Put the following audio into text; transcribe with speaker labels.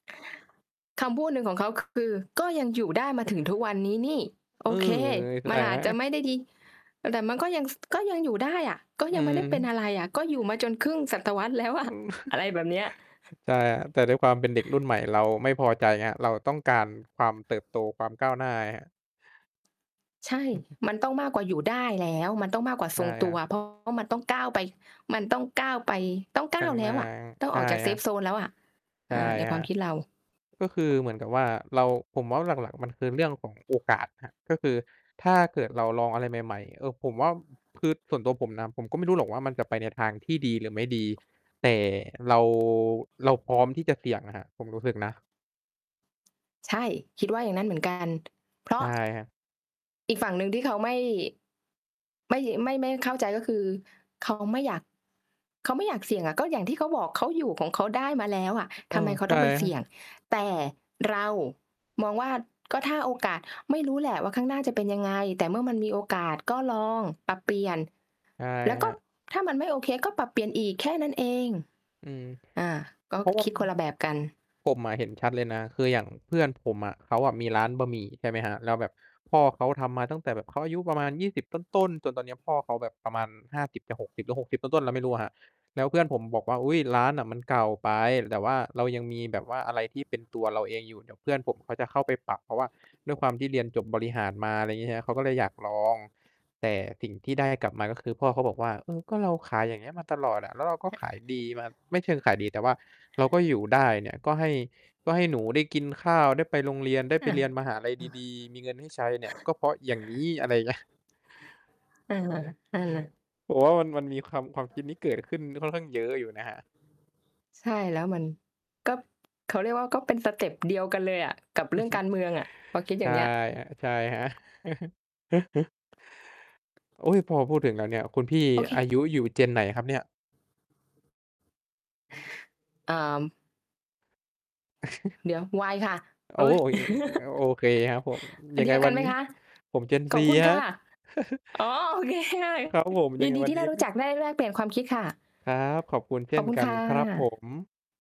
Speaker 1: คำพูดหนึ่งของเขา ค คือก็ยังอยู่ได้มาถึงทุกวันนี้นี่
Speaker 2: เ
Speaker 1: โ
Speaker 2: อ
Speaker 1: อ
Speaker 2: อ
Speaker 1: เคมั
Speaker 2: อ
Speaker 1: นอาจจะ
Speaker 2: า
Speaker 1: ไม่ได้ดี แต่มันก็ยัง ส ก็ยังอยู่ได้อะ ก็
Speaker 2: อื
Speaker 1: ยังไม่ได้เป็น
Speaker 2: ม
Speaker 1: อะไรอะ ก็อยู่มาจนครึ่งศตวรรษ แล้วอ
Speaker 2: อื
Speaker 1: ะ
Speaker 2: ม
Speaker 1: อะไรแบบเนี้ย
Speaker 2: ใช่ครับ แต่ด้วยความเป็นเด็กรุ่นใหม่เราไม่พอใจไงครับ เราต้องการความเติบโต ความก้าวหน้าไงครับ
Speaker 1: ใช่ มันต้องมากกว่าอยู่ได้แล้ว มันต้องมากกว่า
Speaker 2: ใช
Speaker 1: ท
Speaker 2: ่
Speaker 1: รงต
Speaker 2: คร
Speaker 1: ั
Speaker 2: ั
Speaker 1: ว
Speaker 2: บ
Speaker 1: เพราะว่า มันต้องก้าวไป มันต้องก้าวไป ต้องก
Speaker 2: ข
Speaker 1: ้
Speaker 2: ้
Speaker 1: า
Speaker 2: า
Speaker 1: ว
Speaker 2: ง
Speaker 1: แล
Speaker 2: หน
Speaker 1: ้
Speaker 2: ้า
Speaker 1: วอะ ต้อง
Speaker 2: ใช
Speaker 1: อ
Speaker 2: ่
Speaker 1: อกจาก
Speaker 2: ครั
Speaker 1: Safe
Speaker 2: บ
Speaker 1: zone แล้วอะ
Speaker 2: ใ
Speaker 1: เ
Speaker 2: ช
Speaker 1: อ่
Speaker 2: ่
Speaker 1: อ ใน
Speaker 2: ค
Speaker 1: ค
Speaker 2: ร
Speaker 1: ว
Speaker 2: ั
Speaker 1: าม
Speaker 2: บ
Speaker 1: คิดเรา
Speaker 2: ก็คือเหมือนกับว่าเรา ผมว่าหลัก ๆ มันคือเรื่องของโอกาสครับ ก็คือถ้าเกิดเราลองอะไรใหม่ ๆ เอ่อ ผมว่า คือส่วนตัวผมนะ ผมก็ไม่รู้หรอกว่ามันจะไปในทางที่ดีหรือไม่ดี แต่เรา เราพร้อมที่จะเสี่ยงอะครับ ผมรู้สึกนะ
Speaker 1: ใช่ คิดว่าอย่างนั้นเหมือน กัน เพร
Speaker 2: ใช
Speaker 1: า
Speaker 2: ่
Speaker 1: ะ
Speaker 2: ครับ
Speaker 1: อีกฝั่งหนึ่งที่เขาไม่ ไม่ ไม่ ไม่เข้าใจก็คือ เขา ไม่อยาก เขาไม่อยากเสี่ยงอะ ก็อย่างที่เขาบอก เขาอยู่ของเขาได้มาแล้วอะ
Speaker 2: เ
Speaker 1: ท
Speaker 2: ออ
Speaker 1: ำไมเค้า
Speaker 2: ใช
Speaker 1: ต้อ
Speaker 2: ่
Speaker 1: งไปเสี่ยง แต่เรามองว่าก็ถ้าโอกาส ไม่รู้แหละว่าข้างหน้าจะเป็นยังไง แต่เมื่อมันมีโอกาสก็ลองปรับเปลี่ยน
Speaker 2: ใช่
Speaker 1: แล้ว
Speaker 2: ค
Speaker 1: ก
Speaker 2: ร
Speaker 1: ็
Speaker 2: ับ
Speaker 1: ถ้ามันไม่โอเคก็ปรับเปลี่ยนอีก แค่นั้นเอง
Speaker 2: อืม
Speaker 1: อ่า ก็
Speaker 2: เพราะว่
Speaker 1: ค
Speaker 2: า
Speaker 1: ิ
Speaker 2: อ
Speaker 1: ดคนละแบบกัน
Speaker 2: ผมอะเห็นชัดเลยนะ คืออย่างเพื่อนผมอะ เขาอะมีร้านบะหมี่ ใช่ไหมครับ แล้วแบบพ่อเขาทำมาตั้งแต่แบบเขาอายุประมาณ 20 ต้น ๆ จนตอนเนี้ยพ่อเขาแบบประมาณ 50 จะ 60 หรือ 60 ต้น ๆ เราไม่รู้ครับ แล้วเพื่อนผมบอกว่า "อุ๊ย ร้านอะมันเก่าไปแต่ว่าเรายังมีแบบว่าอะไรที่เป็นตัวเราเองอยู่ เดี๋ยวเพื่อนผมเขาจะเข้าไปปรับเพราะว่า ด้วยความที่เรียนจบบริหารมา" อะไรอย่างงี้ครับ เขาก็เลยอยากลอง แต่สิ่งที่ได้กลับมา ก็คือพ่อเขาบอกว่า เออ ก็เราขาย อย่างนี้มาตลอดอะ แล้วเราก็ขายดีมา ไม่เชิงขายดีแต่ว่าเราก็อยู่ได้เนี่ย ก็ให้ ให้หนูได้กินข้าว ได้ไปโรงเรียน ได้ไปเรียนมหาลัยดี ๆ มีเงินให้ใช้เนี่ยก็เพราะงี้ อะไรอย่างเงี้ย
Speaker 1: เออ ๆ
Speaker 2: ผมว่ามัน มันมีความ ความคิดนี้เกิดขึ้นค่อนข้างเยอะอยู่นะครับ
Speaker 1: ใช่ แล้วมัน ก็เขาเรียกว่า ก็เป็นสเต็ปเดียวกันเลยอะกับ
Speaker 2: อ
Speaker 1: เร
Speaker 2: ื
Speaker 1: ื
Speaker 2: อ
Speaker 1: ่อง
Speaker 2: ฮึ
Speaker 1: การเมืองอะ พอคิด
Speaker 2: ใ
Speaker 1: อ
Speaker 2: ช
Speaker 1: ย่า
Speaker 2: ่
Speaker 1: งเงี้ย
Speaker 2: ครับ ๆ โอ๊ย พอพูดถึงแล้วเนี่ย คุณพี่
Speaker 1: โอเ
Speaker 2: อา
Speaker 1: ค
Speaker 2: ยุอยู่ Gen ไหนครับเนี่ย?
Speaker 1: เอ่อ เดี๋ยว Y ค่ะ
Speaker 2: โอ
Speaker 1: โ
Speaker 2: ้
Speaker 1: อ
Speaker 2: อ
Speaker 1: ้ย
Speaker 2: โอเคครับผม
Speaker 1: อ
Speaker 2: ย
Speaker 1: ั
Speaker 2: ั
Speaker 1: น
Speaker 2: ง
Speaker 1: เด
Speaker 2: ไ
Speaker 1: ี
Speaker 2: ง
Speaker 1: ยวก
Speaker 2: ว
Speaker 1: ั
Speaker 2: ั
Speaker 1: น
Speaker 2: น
Speaker 1: ไหม
Speaker 2: นี้
Speaker 1: คะ?
Speaker 2: ผม Gen
Speaker 1: ข
Speaker 2: C
Speaker 1: อบคุณ
Speaker 2: ค
Speaker 1: ค
Speaker 2: รั
Speaker 1: ่
Speaker 2: บ
Speaker 1: ะ อ๋อ โอเคค่ะ
Speaker 2: ครับผม ย
Speaker 1: ย
Speaker 2: ั
Speaker 1: ิ
Speaker 2: งไ
Speaker 1: น
Speaker 2: ง
Speaker 1: ดี
Speaker 2: วั
Speaker 1: ท
Speaker 2: น
Speaker 1: ี่ไ
Speaker 2: น
Speaker 1: ด
Speaker 2: ี้
Speaker 1: ้รู้
Speaker 2: ก
Speaker 1: จัก ได้แลกเปลี่ยนความคิดค่ะ
Speaker 2: ครับ ขอบคุณเช
Speaker 1: ข
Speaker 2: ่
Speaker 1: อบ
Speaker 2: น
Speaker 1: คุณ
Speaker 2: กั
Speaker 1: ค
Speaker 2: น
Speaker 1: ่ะ
Speaker 2: ครับผม